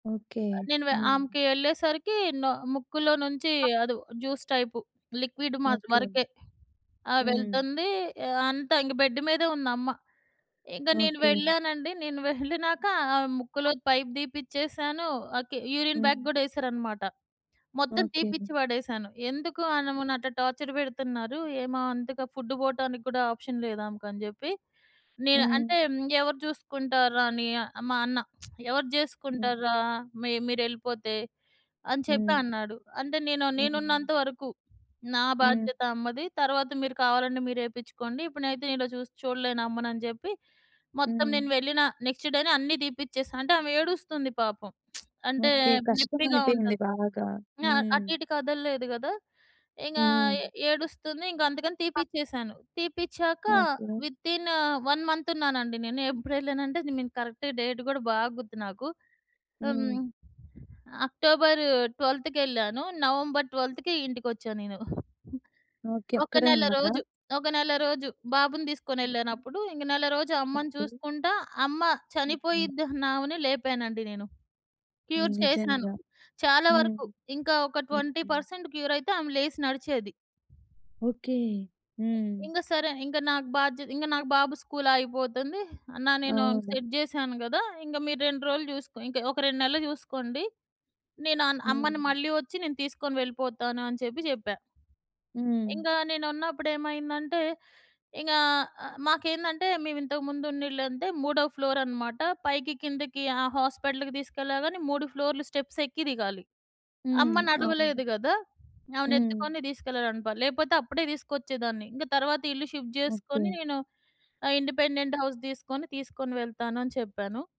Okay. అ నేను వె హ్మ్. ఆమెకి వెళ్ళేసరికి నొ ముక్కులో నుంచి అది జ్యూస్ టైపు లిక్విడ్ మా ఓకే. వరకే ఆహ్, హ్మ్. వెళ్తుంది. అంతా ఇంక బెడ్ మీదే ఉందమ్మ. ఇంక నేను ఓకే. వెళ్ళానండి. నేను వెళ్ళినాక ఆమె ముక్కులో పైపు తీపిచ్చేసాను, ఓకే. యూరిన్ బ్యాగ్ హ్మ్. కూడా ఎసారనమాట. మొత్తం ఓకే. తీపిచ్చి వడేశాను. ఎందుకు ఆనెమేని అట్లా టార్చర్ పెడుతున్నారు. ఏమో అంతగా ఫుడ్ పోటానికి కూడా ఆప్షన్ లేదామెకని చెప్పి, నేను హ్మ్. అంటే "ఎవరు చూసుకుంటార్రా?" అని మా అన్న. "ఎవరు హ్మ్. జేసుకుంటార్రా మి మీరెళ్ళిపోతే." అని చెప్పి హ్మ్. అన్నాడు. అంటే నేను హ్మ్. నేనున్నంతవరకు, నా హ్మ్. బాధ్యత అమ్మది. తరువాత మీరు కావాలంటే మీరు ఏపించుకోండి. ఇప్పుడునయితే నేను ఇలా చూస్తు చూడలేను అమ్మనని జెప్పి, మొత్తం హ్మ్. నేను వెళ్ళిన నెక్స్‌ డేనే అన్నీ తీపిచ్చేసా. అంటే ఆమె ఏడుస్తుంది పాపం. అంటే ఓకే. కష్టం నొప్పిగా అయిపోయింది ఉంటది. బాగా. ఆహ్, హ్మ్. అటుఇటు కదల్లేదు గదా! ఇంకా ఏ హ్మ్. ఏడుస్తుంది. ఇంక అందుకని క తీపిచ్చేశాను. తీపిచ్చాక ఓకే. వితిన్ ఆ! 1 మంత్ ఉన్నానండి నేను, ఎప్పుడెళ్ళానంటే నేను కరెక్ట్‌గ డేట్ కూడా బాగ గుర్తు నాకు. హ్మ్. హ్మ్. అక్టోబర్ 12థ్ కెళ్ళాను. నవంబర్ 12థ్‌కి ఇంటికొచ్చా నేను. ఓకే. ఒక అక్కడే ఉన్నాదా? నెలరోజు. ఒక నెలరోజు బాబుని హుహు. తీసుకొనెళ్ళా‌నప్పుడు, ఇంక నెలరోజు అమ్మని ఓకే. చూసుకుంటా అమ్మ హ్మ్. హ్మ్. చనిపోయిద్దన్నామెను లేపానండి నేను. క్యూర్ చేసినాను. నిజంగా. చాలా హ్మ్. వరకు ఇంకా ఒక ట్వెంటీ హుహు. పర్సెంట్ క్యూరయితే ఆమె లేసి నడిచేది. ఓకే. హ్మ్. ఇంగసరే, ఇంగ నాకు బాధ్య ఇంగ నాకు బాబు స్కూలాగిపోతుంది. అన్నా నేను అవును. సెట్ చేశాను గదా! ఇంగ మీరు 2 రోజులు చూసుకో. ఇంక ఒక 2 నెల్లు చూసుకోండి. నేను అన్ అమ్మని హ్మ్. మళ్ళీ వచ్చి నేను తీసుకొని వెళ్ళిపోతాను అని చెప్పి చెప్పా. హ్మ్. ఇంగా నేనున్నప్పుడు ఏమైందంటే, ఇంగా అ మాకేందంటే మేమింతకు ముందున్న ఇళ్ళంటే 3 ఫ్లోరన్నమాట. పైకి కిందకి ఆ హాస్పిటల్‌కి తిసుకెళ్ళగాని 3 ఫ్లోరులు స్టెప్స్ ఎక్కి దిగాలి. హ్మ్. అమ్మ అవును. నడవలేదు గదా! హ్మ్. ఆమెనెత్తుకొని తీసుకెళ్ళాలనుకో. లేపోతే అప్పుడే తీసుకొచ్చేదాన్ని. ఇంక తర్వాత "ఇల్లు షిఫ్ట్ చేసుకొని, ఓకే. నేను ఆ ఇండిపెండెంట్ హౌస్ తీసుకొని, తీసుకొని వెళ్తాను." అని చెప్పాను.